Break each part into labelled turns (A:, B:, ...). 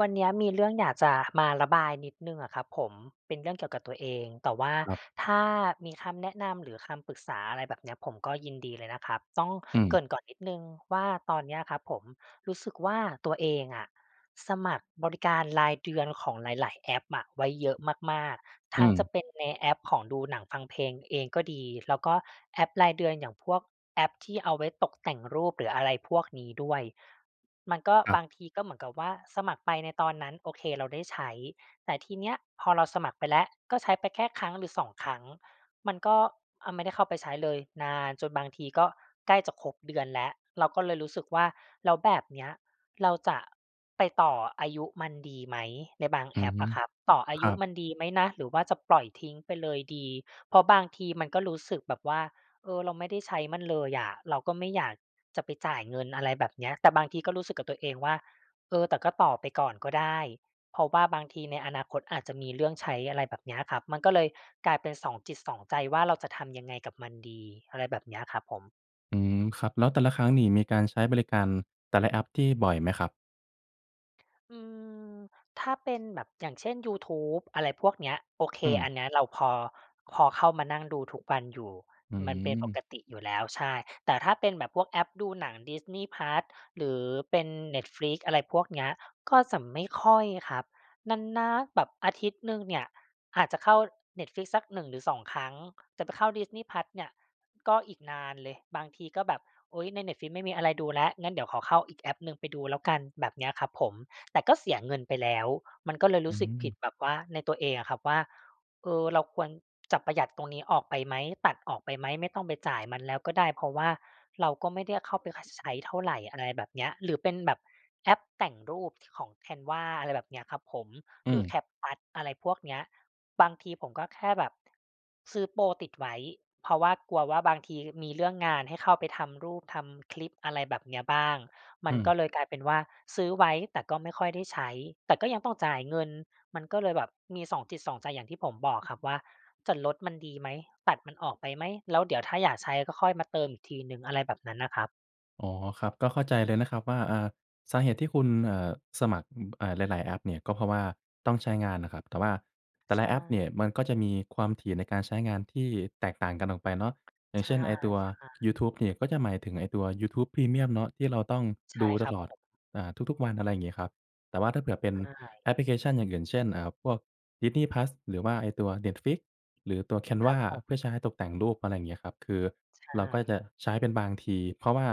A: วันนี้มีเรื่องอยากจะมาระบายนิดหนึ่งอะครับผม เป็นเรื่องเกี่ยวกับตัวเอง แต่ว่า
B: ครับ
A: ถ้ามีคำแนะนำหรือคำปรึกษาอะไรแบบนี้ผมก็ยินดีเลยนะครับ ต้อง
B: อื
A: เ
B: ม
A: กริ่นก่อนนิดหนึ่งว่าตอนนี้ครับผม รู้สึกว่าตัวเองอะ สมัครบริการรายเดือนของหลาย ๆ แอปอะ ไว้เยอะมาก ๆ
B: อ
A: ทั้ง
B: ืม
A: จะเป็นในแอปของดูหนังฟังเพลงเองก็ดี แล้วก็แอปรายเดือนอย่างพวกแอปที่เอาไว้ตกแต่งรูป หรืออะไรพวกนี้ด้วย มันก็
B: ครั
A: บ
B: บ
A: างทีก็เหมือนกับว่า สมัครไปในตอนนั้นโอเคเราได้ใช้ แต่ทีนี้พอเราสมัครไปแล้วก็ใช้ไปแค่ครั้ง หรือ 2 ครั้ง มันก็ อ่า ไม่ได้เข้าไปใช้เลย นานจนบางทีก็ใกล้จะครบเดือนแล้ว เราก็เลยรู้สึกว่า แล้วแบบนี้เราจะไปต่ออายุมันดีไหม ในบาง
B: อื
A: แอ
B: อ
A: ป
B: ฮ
A: อ
B: ึ
A: ะครับ ต่ออา
B: ค
A: ย
B: รั
A: ุ
B: บ
A: มันดีไหมนะ หรือว่าจะปล่อยทิ้งไปเลยดี เพราะบางทีมันก็รู้สึกแบบว่า เออ เราไม่ได้ใช้มันเลยอะ เราก็ไม่อยากจะไปจ่ายเงิน อะไรแบบนี้ แต่บางทีก็รู้สึกกับตัวเองว่า เออ แต่ก็ต่อไปก่อนก็ได้ เพราะว่าบางทีในอนาคตอาจจะมีเรื่องใช้ อะไรแบบเนี้ยครับ มันก็เลยกลายเป็นสองจิตสองใจ ว่าเราจะทำยังไงกับมันดี อะไรแบบนี้ครับผม
B: อืม ครับ แล้วแต่ละครั้งนี่มีการใช้บริการ แต่ละแอปที่บ่อยไหมครับ?
A: อืม ถ้าเป็นแบบอย่างเช่น ยูทูบอะไรพวกเนี้ย โอเค
B: อืม
A: อันเนี้ยเราพอ พอเข้ามานั่งดูทุกวันอยู่
B: อื
A: มันเป็นป
B: ม
A: กติอยู่แล้ว ใช่ แต่ถ้าเป็นแบบพวกแอปดูหนัง Disney+ หรือเป็น Netflix อะไรพวกเนี้ย ก็จะไม่ค่อยครับ นาน ๆ แบบอาทิตย์หนึ่งเนี่ย อาจจะเข้า Netflix สัก 1 หรือ 2 ครั้ง แต่ไปเข้า Disney+ เนี่ยก็อีกนานเลย บางทีก็แบบ โอ๊ย ใน Netflix ไม่มีอะไรดูลแล้ว งั้นเดี๋ยวขอเข้าอีกแอปหนึ่ง ไปดูแล้วกันแบบเนี้ยครับผม แต่ก็เสียเงินไปแล้ว มันก็เลย
B: อ
A: ร
B: ื
A: ู้สึกผิ
B: ม
A: ด แบบว่า ในตัวเองอะครับว่า เออ เราควรจะประหยัดตรงนี้ออกไปไหม ตัดออกไปไหม ไม่ต้องไปจ่ายมันแล้วก็ได้ เพราะว่า เราก็ไม่ได้เข้าไป ค ใช้เท่าไร อะไรแบบเนี้ย หรือเป็นแบบแอปแต่งรูปของ Canva อะไรแบบเนี้ยครับผม
B: อื
A: หรือ
B: ม
A: CapCut อะไรพวกเนี้ย บางทีผมก็แค่แบบซื้อโพรติดไว้ เพราะว่ากลัวว่าบางทีมีเรื่องงานให้เข้าไปทำรูปทำคลิป อะไรแบบเนี้ยบ้าง ม
B: อ
A: ั
B: ื
A: นก็
B: ม
A: เลยกลายเป็นว่า ซื้อไว้แต่ก็ไม่ค่อยได้ใช้ แต่ก็ยังต้องจ่ายเงิน มันก็เลยแบบมีสองจิตสองใจ อย่างที่ผมบอกครับว่า จะลดมันดีไหม ตัดมันออกไปไหม แล้วเดี๋ยวถ้าอยากใช้ ก็ค่อยมาเติมอีกทีหนึ่ง อะไรแบบนั้นน่ะครับ
B: อ๋อ ครับ ก็เข้าใจเลยนะครับว่า อา สาเหตุที่คุณ เอ่อ สมัคร เอ่อ หลาย ๆ แอปเนี่ยก็ เพราะว่าต้องใช้งานนะครับ แต่ว่าแต่
A: ใ
B: ล
A: ช
B: ะแอป
A: ่
B: เนี่ยมันก็จะมีความถี่ในการใช้งานที่แตกต่างกันออกไปเนาะ อย่
A: ใ
B: าง
A: ช
B: เช
A: ่
B: ่น ไอ้ตัว
A: ๆ
B: ยูทูบเนี่ย ก็จะหมายถึงไอ้ตัวยูทูบพรีเมียมเนาะที่เราต้อง
A: ใช่
B: ดู
A: ค
B: ต
A: รับ
B: ลอ
A: ผ
B: ด
A: ม
B: อ่า ทุก ๆ วันอะไรงี้ครับ แต่ว่าถ้าเผื่อเป็น
A: ใช่
B: แอปพลิเคชันอย่างอื่น เช่น เอ่อ พวกดิสนีย์พลัส หรือว่าไอ้ตัวเน็ตฟลิกซ์ หรือตัวแคน
A: ค
B: ว
A: รั
B: า
A: บผม
B: เพื่อใช้ตกแต่งรูป อะไรอย่างเงี้ยครับ คือ
A: ใช
B: เราก็จ
A: ่
B: ะใช้เป็นบางที เพราะว่า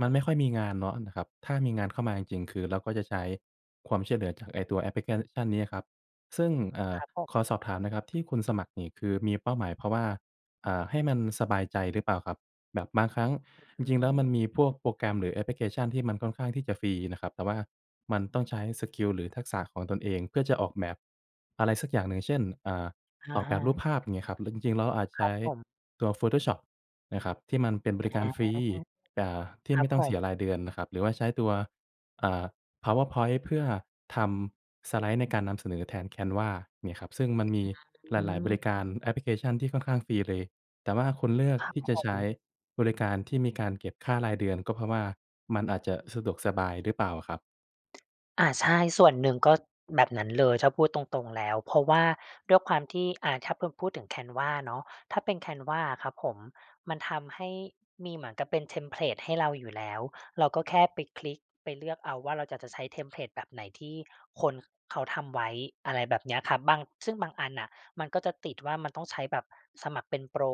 B: มันไม่ค่อยมีงานเนาะนะครับ ถ้ามีงานเข้ามาจริง ๆ คือเราก็จะใช้ความช่วยเหลือจากไอ้ตัวแอปพลิกัน ชั่นนี้ครับ ซึ่ง เอ่
A: ค
B: อ
A: รับผ
B: ขอ
A: ม
B: สอบถามนะครับที่คุณสมัครนี่ คือมีเป้าหมายเพราะว่า อ่า ให้มันสบายใจหรือเปล่าครับ? แบบบางครั้งจ
A: อื
B: ริง ๆ แล้วมั
A: ม
B: นมีพวกโปรแกรม หรือแอปพลิเคชันที่มันค่อนข้างที่จะฟรีนะครับ แต่ว่ามันต้องใช้สกิล หรือทักษะของตนเองเพื่อจะออกแบบ อะไรสักอย่างหนึ่ง เช่น เอ่อ
A: อ
B: อ
A: ะ
B: อก
A: ฮ
B: แบบรูป
A: ะ
B: ภาพ อย่างเงี้ยครับ หรือจริง ๆ เราอาจจะ
A: ค
B: ใช
A: รั
B: ้
A: บผม
B: ตัวโฟโตชอปนะครับ ที่มันเป็นบริ
A: อ
B: กา
A: า
B: รฟรี อ่า ที่
A: คร
B: ไ
A: ั
B: ม
A: บ
B: ่ต้อ
A: ผ
B: งเส
A: ม
B: ียรายเดือนนะครับ หรือว่าใช้ตัว อ่า พาวเวอร์พ้อยต์เพื่อทำสไลด์ในการนำเสนอแทนแคนวาเนี่ยครับ ซึ่งมันมีห
A: อื
B: ลาย ๆ บริการ
A: ม
B: แอปพลิเคชั่นที่ค่อนข้างฟรีเลย แต่ว่าคุณเลือก
A: ครับ
B: ที่จะ
A: ผ
B: ใช้
A: ม
B: บริการที่มีการเก็บค่ารายเดือน ก็เพราะว่ามันอาจจะสะดวกสบายหรือเปล่าครับ?
A: อา ใช่ ส่วนหนึ่งก็แบบนั้นเลย ถ้าพูดตรง ๆ แล้ว เพราะว่าด้วยความที่ อ่า ถ้าพด พูดถึง canva เนาะ ถ้าเป็น canva ครับผม มันทำให้มีเหมือนกับเป็นเทมเพลตให้เราอยู่แล้ว เราก็แค่ไปคลิกไปเลือกเอาว่าเราอยากจะใช้เทมเพลตแบบไหนที่คนเขาทำไว้ อะไรแบบเนี้ยครับ บาง ซึ่งบางอันน่ะ มันก็จะติดว่า มันต้องใช้แบบสมัครเป็นโปร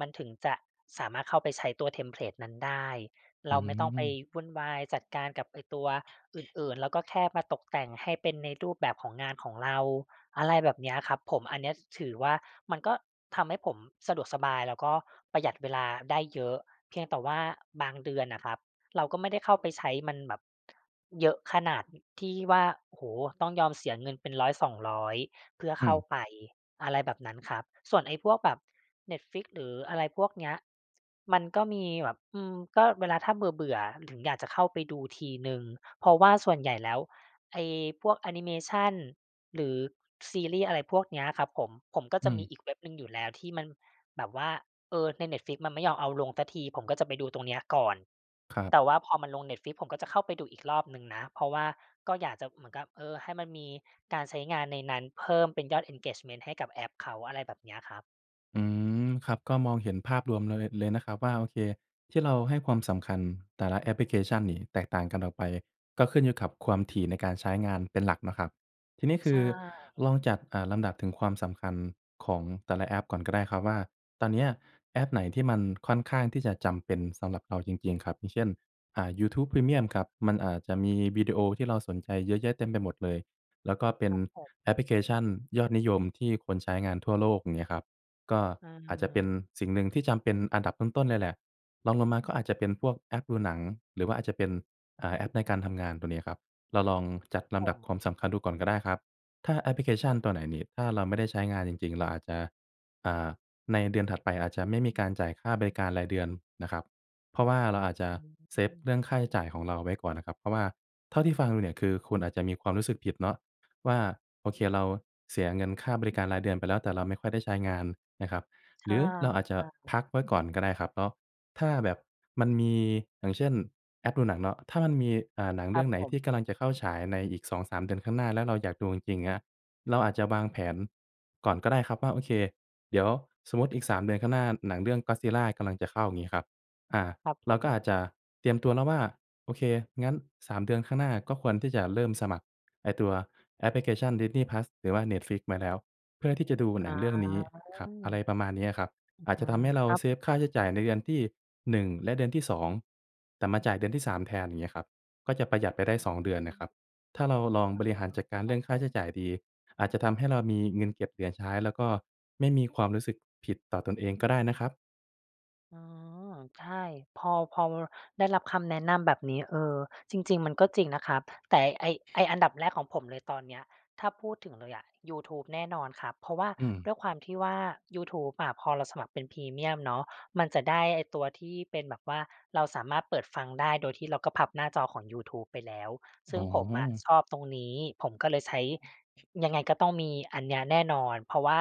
A: มันถึงจะสามารถเข้าไปใช้ตัวเทมเพลตนั้นได้
B: อ
A: เ
B: ื
A: ราไม่ต้องไป
B: ม
A: วุ่นวายจัดการกับไอ้ตัวอื่น ๆ ก็แค่มาตกแต่งให้เป็นในรูปแบบของงานของเรา อะไรแบบเนี้ยครับผม อันนี้ถือว่ามันก็ทำให้ผมสะดวกสบาย แล้วก็ประหยัดเวลาได้เยอะ เพียงแต่ว่าบางเดือนอะครับ เราก็ไม่ได้เข้าไปใช้มันแบบ เยอะขนาดที่ว่า โอ้โฮ ต้องยอมเสียเงินเป็น 100-200 เพื่อ
B: อื
A: เข้า
B: ม
A: ไป อะไรแบบนั้นครับ ส่วนไอ้พวกแบบ Netflix หรืออะไรพวกเนี้ย มันก็มีแบบ อืม ก็เวลา ถ้าเบื่อ ๆ ถึงอยากจะเข้าไปดูทีหนึ่ง เพราะว่าส่วนใหญ่แล้วไอ้พวกแอนิเมชันหรือซีรีส์ อะไรพวกเนี้ยครับผม ผมก็
B: อื
A: จะมี
B: ม
A: อีกเว็บหนึ่งอยู่แล้วที่มันแบบว่า เออ ใน Netflix มันไม่ยอมเอาลงสักที ผมก็จะไปดูตรงเนี้ยก่อน
B: ครับ
A: แต่ว่าพอมันลง Netflix ผมก็จะเข้าไปดูอีกรอบหนึ่งนะ เพราะว่าก็อยากจะเหมือนกับ เออ ให้มันมีการใช้งานในนั้นเพิ่มเป็นยอด engagement ให้กับแอปเขา อะไรแบบเนี้ยครับ
B: อืม ครับ ก็มองเห็นภาพรวมเลย เลยนะครับว่า โอเค ที่เราให้ความสำคัญแต่ละแอปพลิเคชั่นนี่แตกต่างกันออกไป ก็ขึ้นอยู่กับความถี่ในการใช้งานเป็นหลักนะครับ ทีนี้ค
A: ใช
B: ือล
A: ่
B: องจัด เอ่อ ลำดับถึงความสำคัญของแต่ละแอปก่อนก็ได้ครับว่า ตอนเนี้ยแอปไหนที่มันค่อนข้างที่จะจำเป็นสำหรับเราจริง ๆ ครับ อย่างเช่น อ่า ยูทูปพรีเมี่ยมครับ มันอาจจะมีวิดีโอที่เราสนใจเยอะแยะเต็มไปหมดเลย แล้วก็เป็
A: ค
B: น
A: รับผ
B: แอป
A: ม
B: พลิเคชั่นยอดนิยมที่คนใช้งานทั่วโลก เงี้ยครับ ก็
A: เ
B: อาจจะเป็น
A: ออ
B: สิ่งหนึ่งที่จำเป็นอันดับต้น ๆ เลยแหละ รองลงมาก็อาจจะเป็นพวกแอปดูหนัง หรือว่าอาจจะเป็น อ่า แอปในการทำงานตัวเนี้ยครับ เราลองจัดล
A: ผ
B: ำดับความ
A: ม
B: สำคัญดูก่อนก็ได้ครับ ถ้าแอปพลิเคชั
A: อ
B: ่น
A: ือ
B: ตัวไหน
A: ฮึ
B: นี่ ถ้าเราไม่ได้ใช้งานจริง ๆ เราอาจจะ อ่า ในเดือนถัดไปอาจจะไม่มีการจ่ายค่าบริการรายเดือนนะครับ เพราะว่าเราอาจจะ
A: อื
B: เซฟ
A: ม
B: เรื่องค่าใช้จ่ายของเราไว้ก่อนนะครับ เพราะว่าเท่าที่ฟังดูเนี่ย คือคุณอาจจะมีความรู้สึกผิดเนาะ ว่าโอเคเราเสียเงินค่าบริการรายเดือนไปแล้ว แต่เราไม่ค่อยได้ใช้งานนะครับ
A: ใ
B: ห
A: ช
B: รือเราอาจจะ
A: ่ ๆ
B: พักไว้ก่อนก็ได้ครับเนาะ ถ้าแบบมันมีอย่างเช่นแอปดูหนังเนาะ ถ้ามันมี อ่า หนังเ
A: ค
B: ร
A: ร
B: ื
A: ั
B: ่อ
A: บ
B: งไหน
A: ผ
B: ที่ก
A: ม
B: ำลังจะเข้าฉายในอีก 2-3 เดือนข้างหน้า แล้วเราอยากดูจริง ๆ นะ เราอาจจะวางแผนก่อนก็ได้ครับว่า โอเค เดี๋ยวสมมุติอีก 3 เดือนข้างหน้า หนังเรื่อง Godzilla กำลังจะเข้า งี้ครับ อ่า
A: ครับ
B: เ
A: ผ
B: รา
A: ม
B: ก็อาจจะเตรียมตัวแล้วว่า โอเค งั้น 3 เดือนข้างหน้าก็ควรที่จะเริ่มสมัครไอ้ตัวแอปพลิเคชั่น Disney+ หรือว่า Netflix ไว้แล้ว เพื่อที่จะดูห
A: อ
B: นั
A: า
B: งเรื่องนี้ครั
A: อ
B: บ
A: ือ
B: อะไรประมาณนี้อะครับ อาจ
A: อ
B: จ
A: า
B: ะทำให้เรา
A: ครับ
B: เซฟค่
A: ผ
B: าใช้
A: ม
B: จ่ายในเดือนที่ 1 และเดือนที่ 2 แต่มาจ่ายเดือนที่ 3 แทน งี้ครับ ก็จะประหยัดไปได้ 2 เดือน
A: อ
B: น่
A: ื
B: ะครั
A: ม
B: บ ถ้าเราลอง
A: อ๋อ
B: บ
A: เห
B: ร
A: รอ?
B: ิหารจัดการเ
A: ค
B: รื
A: รั
B: ่อ
A: บ
B: งค
A: ผ
B: ่า
A: ม
B: ใช้จ่ายดี อาจจะทำให้เรามีเงินเก็บเหลือใช้ แล้วก็ไม่มีความรู้สึกผิดต่อตนเองก็ได้นะครับ
A: อ๋อ ใช่ พอ พอ ว ได้รับคำแนะนำแบบนี้ เออ จริง ๆ มันก็จริงนะครับ แต่ไอ้ ไอ้อันดับแรกของผมเลย ตอนเนี้ย ถ้าพูดถึงเลยอะยูทูบแน่นอนครับ เพราะว่า
B: อืม
A: ด้วยความที่ว่ายูทูบอะ พอเราสมัครเป็นพรีเมียมเนาะ มันจะได้ไอ้ตัวที่เป็นแบบว่า เราสามารถเปิดฟังได้ โดยที่เราก็พับหน้าจอของยูทูบไปแล้ว ซ
B: อ
A: ึ่
B: ๋
A: งผมอะ
B: อ
A: ชอบตรงนี้ ผมก็เลยใช้ ยังไงก็ต้องมีอันเนี้ยแน่นอน เพราะว่า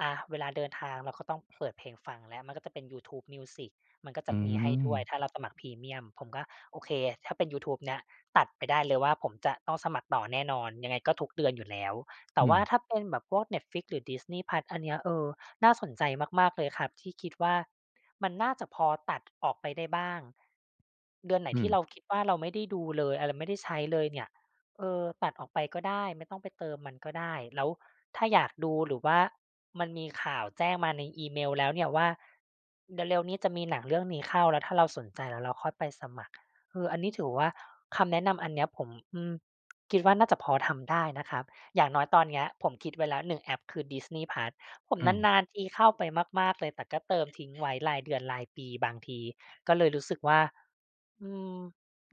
A: อะ เวลาเดินทางเราก็ต้องเปิดเพลงฟังแล้ว มันก็จะเป็น YouTube Music มันก็จ
B: อื
A: ะมีให้ด้วย
B: ม
A: ถ้าเราสมัครพรีเมียม ผมก็โอเค ถ้าเป็นยูทูบเนี้ยตัดไปได้เลยว่า ผมจะต้องสมัครต่อแน่นอน ยังไงก็ทุกเดือนอยู่แล้ว แต
B: อ
A: ่
B: ื
A: ว่า
B: ม
A: ถ้าเป็นแบบพวก Netflix หรือ Disney+ อันเนี้ย เออ น่าสนใจมาก ๆ เลยครับ ที่คิดว่า มันน่าจะพอตัดออกไปได้บ้าง เดือนไหน
B: อื
A: ที่เร
B: ม
A: าคิดว่า เราไม่ได้ดูเลย อา เราไม่ได้ใช้เลยเนี่ย เออ ตัดออกไปก็ได้ ไม่ต้องไปเติมมันก็ได้ แล้วถ้าอยากดู หรือว่ามันมีข่าวแจ้งมาในอีเมลแล้วเนี่ยว่า เร็ว ๆ นี้จะมีหนังเรื่องนี้เข้า แล้วถ้าเราสนใจ แล้วเราค่อยไปสมัคร เออ อันนี้ถือว่า คำแนะนำอันเนี้ยผม อือ คิดว่าน่าจะพอทำได้นะครับ อย่างน้อยตอนเนี้ย ผมคิดไว้แล้ว 1 แอปคือ Disney+ ผม
B: อืม
A: นาน ๆ ทีเข้าไปมาก ๆ เลย แต่ก็เติมทิ้งไว้รายเดือนรายปี บางทีก็เลยรู้สึกว่า อืม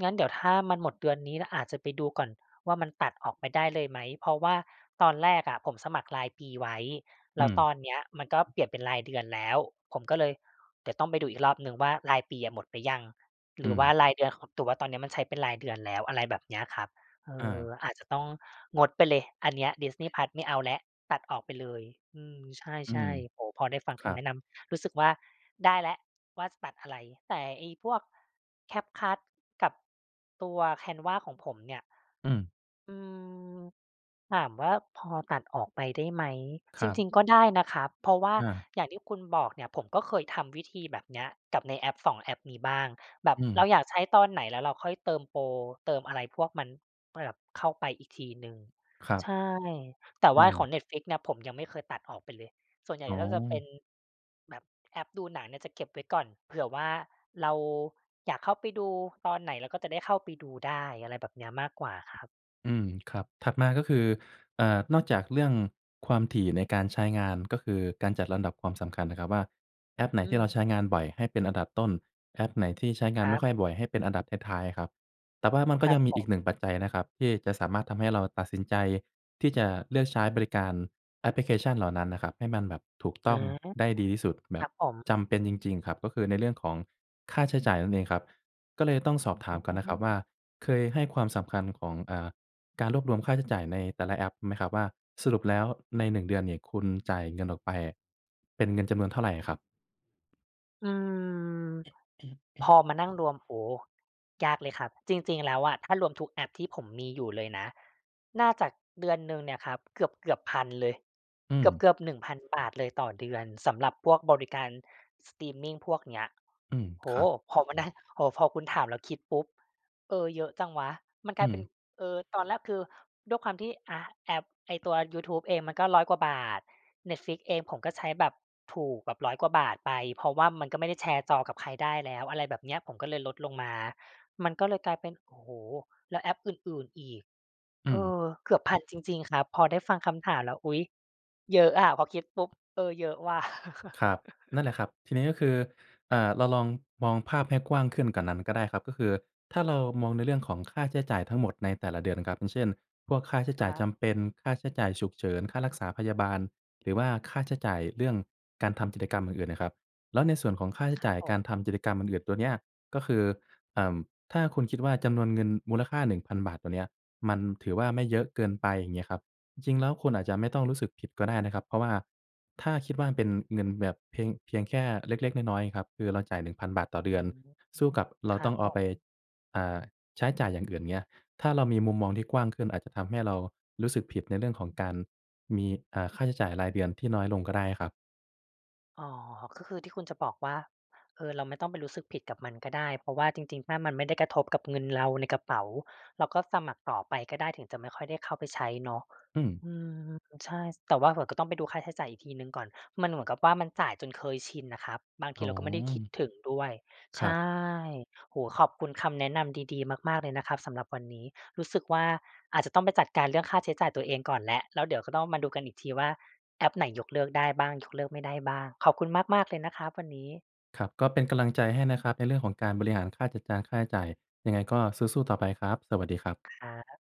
A: งั้นเดี๋ยวถ้ามันหมดเดือนนี้แล้ว อาจจะไปดูก่อนว่า มันตัดออกไปได้เลยไหม? เพราะว่าตอนแรกอะผมสมัครรายปีไว้ แ
B: อ
A: ล
B: ื
A: ้ว
B: ม
A: ตอนเนี้ยมันก็เ
B: อ
A: ปลี่ยนเป็นรายเดือนแล้ว ผมก็เลย เดี๋ยวต้องไปดูอีกรอบหนึ่งว่า รายปีอะหมดไปยัง? ห
B: อื
A: รือว่า
B: ม
A: รายเดือน ค แต่ว่าตอนนี้มันใช้เป็นรายเดือนแล้ว อะไรแบบเนี้ยครับ เอ
B: อ
A: อ
B: า
A: อาจจะต้องงดไปเลย อัน เนี้ย Disney+ ไม่เอาแล้ว ตัดออกไปเลย อืม ใ
B: อื
A: ช
B: ม
A: ่ ๆ โอ้โฮ พอได้ฟัง
B: ค
A: ค
B: รั
A: ำแน
B: บ
A: ะนำ รู้สึกว่า ได้แล้วว่าจะตัดอะไร แต่ไอ้พวก CapCut กับตัว Canva ของผมเนี่ย
B: อืม
A: อืม ถามว่าพอตัดออกไปได้ไหม?
B: ค
A: จร
B: รับ
A: ิง ๆ ก็ได้นะครับ เพราะว่า
B: อา
A: อย่างที่คุณบอกเนี่ย ผมก็เคยทำวิธีแบบเนี้ยกับในแอป 2 แอปนี้บ้าง แบบ
B: อื
A: เรา
B: ม
A: อยากใช้ตอนไหน แล้วเราค่อยเติมโปร เติมอะไรพวกนั้น ก็จะแบบเข้าไปอีกทีหนึ่ง
B: ครับ
A: ใช่ แต่
B: อ
A: ว
B: ื
A: ่าข
B: อ
A: อง Netflix เนี่ย ผมยังไม่เคยตัดออกไปเลย ส่วนใหญ่
B: อ๋อ
A: ก็จะเป็น แบบแอปดูหนังเนี่ยจะเก็บไว้ก่อน เผื่อว่าเราอยากเข้าไปดูตอนไหน เราก็จะได้เข้าไปดูได้ อะไรแบบเนี้ย มากกว่าครับ
B: อืม ครับ ถัดมาก็คือ อ่า นอกจากเรื่องความถี่ในการใช้งาน ก็คือการจัดลำดับความสำคัญนะครับว่า แอปไหน
A: อื
B: ที่เราใช้
A: ม
B: งานบ่อย ให้เป็นอันดับต้น แอปไหนที่ใช้งา
A: ค
B: น
A: ร
B: ไม
A: ั
B: ่ค
A: บ
B: ่อยบ่อย ให้เป็นอันดับท้าย ๆ อะครับ แต่ว่ามันก็
A: ครั
B: ยั
A: บ
B: งมี
A: ผ
B: อี
A: ม
B: ก 1 ปัจจัยนะครับ ที่จะสามารถทำให้เราตัดสินใจ ที่จะเลือกใช้บริการแอปพลิเคชันเหล่านั้นนะครับ ให้มันแบบ ถูก
A: อ
B: ต
A: ื
B: ้
A: อ
B: อง
A: ฮี
B: ได้ดีที่สุด แบ
A: ค
B: บ
A: รับผม
B: จำเป็นจริง ๆ ครับ ก็คือในเรื่องของค่าใช้จ่ายนั่นเองครับ ก็เลยต้องสอบถ
A: อ
B: ามก่อนนะครับว่า
A: ือ
B: เคยให้ความสำคัญของ เอ่อ การ รวบรวมค่าใช้จ่ายในแต่ละแอปไหมครับว่า สรุปแล้วใน 1 เดือนนี่ คุณจ่ายเงินออกไปอะ เป็นเงินจำนวนเท่าไรอะครับ?
A: อืม พอมานั่งรวม โอ้โฮ ยากเลยครับ จริง ๆ แล้วอะ ถ้ารวมทุกแอปที่ผมมีอยู่เลยนะ น่าจะเดือนหนึ่งเนี่ยครับ เกือบ ๆ 1,000 เลย
B: อื
A: เ
B: ม
A: กือบ ๆ 1,000 บาทเลยต่อเดือน สำหรับพวกบริการสตรีมมิงพวกเนี้ย
B: อืม
A: โอ
B: ค
A: ้โ
B: รั
A: ฮ!
B: บ
A: พอมานั่ง พอ พอคุณถามแล้วคิดปุ๊บ เออ เยอะจังวะ มันก
B: อื
A: ลายเป็น
B: ม
A: เออ ตอนแรกคือ ด้วยความที่ อา แอปไอ้ตัวยูทูบเองมันก็ 100 กว่าบาท Netflix เองผมก็ใช้แบบถูก แบบ 100 กว่าบาทไป เพราะว่ามันก็ไม่ได้แชร์จอกับใครได้แล้ว อะไรแบบเนี้ย ผมก็เลยลดลงมา มันก็เลยกลายเป็น โอ้โฮ แล้วแอปอื่น ๆ อีก
B: อื
A: เอ
B: ม
A: อ เกือบ 1,000 จริง ๆ ครับ พอได้ฟังคำถามแล้ว อุ๊ย เยอะอะ พอคิดปุ๊บ เออ เยอะวะ
B: ครับ นั่นแหละครับ ทีนี้ก็คือ อ่า เราลองมองภาพให้กว้างขึ้นกว่านั้นก็ได้ครับ ก็คือถ้าเรามองในเรื่องของค่าใช้จ่ายทั้งหมดในแต่ละเดือนครับ อย่างเช่น พวกค่าใช้
A: ค
B: จ่าย
A: รั
B: จ
A: บ
B: ำเป็น ค่าใช้จ่ายฉุกเฉิน ค่ารักษาพยาบาล หรือว่าค่าใช้จ่ายเรื่องการทำกิจกรรมอื่น ๆ น่ะครับ แล้วในส่วนของค่าใช้
A: คร
B: จ
A: ั
B: ่า
A: บ
B: ย
A: ผ
B: ก
A: ม
B: ารทำกิจกรรมอื่น ๆ ตัวเนี้ย ก็คือ อ่า ถ้าคุณคิดว่าจำนวนเงินมูลค่า 1,000 บาทตัวเนี้ย มันถือว่าไม่เยอะเกินไป อย่างเงี้ยครับ จริง ๆ แล้วคุณอาจจะไม่ต้องรู้สึกผิดก็ได้นะครับ เพราะว่าถ้าคิดว่าเป็นเงินแบบเพียง เพียงแค่เล็ก ๆ น้อย ๆ ครับ คือเราจ่าย 1,000 บาทต่อเ
A: อ
B: ด
A: ื
B: ือน
A: ม
B: สู้กับเรา
A: ครั
B: ต้อ
A: บ
B: งเ
A: ผ
B: อาไป
A: ม
B: อ่า ใช้จ่ายอย่างอื่นเงี้ย ถ้าเรามีมุมมองที่กว้างขึ้นอาจจะทำให้เรารู้สึกผิดในเรื่องของการ มี อ่า ค่าใช้จ่ายรายเดือนที่น้อยลงก็ได้ครับ
A: อ๋อ ก็คือที่คุณจะบอกว่า เออ เราไม่ต้องไปรู้สึกผิดกับมันก็ได้ เพราะว่าจริง ๆ ถ้ามันไม่ได้กระทบกับเงินเราในกระเป๋า เราก็สมัครต่อไปก็ได้ ถึงจะไม่ค่อยได้เข้าไปใช้เนาะ
B: อืม
A: อืม ใช่ แต่ว่าเผลอก็ต้องไปดูค่าใช้จ่ายอีกทีหนึ่งก่อน มันเหมือนกับว่ามันจ่ายจนเคยชินน่ะครับ บางท
B: อ
A: ี
B: ๋
A: เร
B: อ
A: าก็ไม่ได้คิดถึงด้วย
B: ค
A: ใช
B: รับ
A: ่ โอ้โฮ ขอบคุณคำแนะนำดี ๆ มาก ๆ เลยนะครับสำหรับวันนี้ รู้สึกว่าอาจจะต้องไปจัดการเรื่องค่าใช้จ่ายตัวเองก่อนแล้ว แล้วเดี๋ยวก็ต้องมาดูกันอีกทีว่า แอปไหนยกเลิกได้บ้าง ยกเลิกไม่ได้บ้าง ขอบคุณมาก ๆ เลยนะครับวันนี้
B: ครับ ก็เป็นกำลังใจให้นะครับในเรื่องของการบริหารค่าจัดการค่าใช้จ่าย ยังไงก็สู้ ๆ ต่อไปครับ สวัสดีครับ
A: ครับ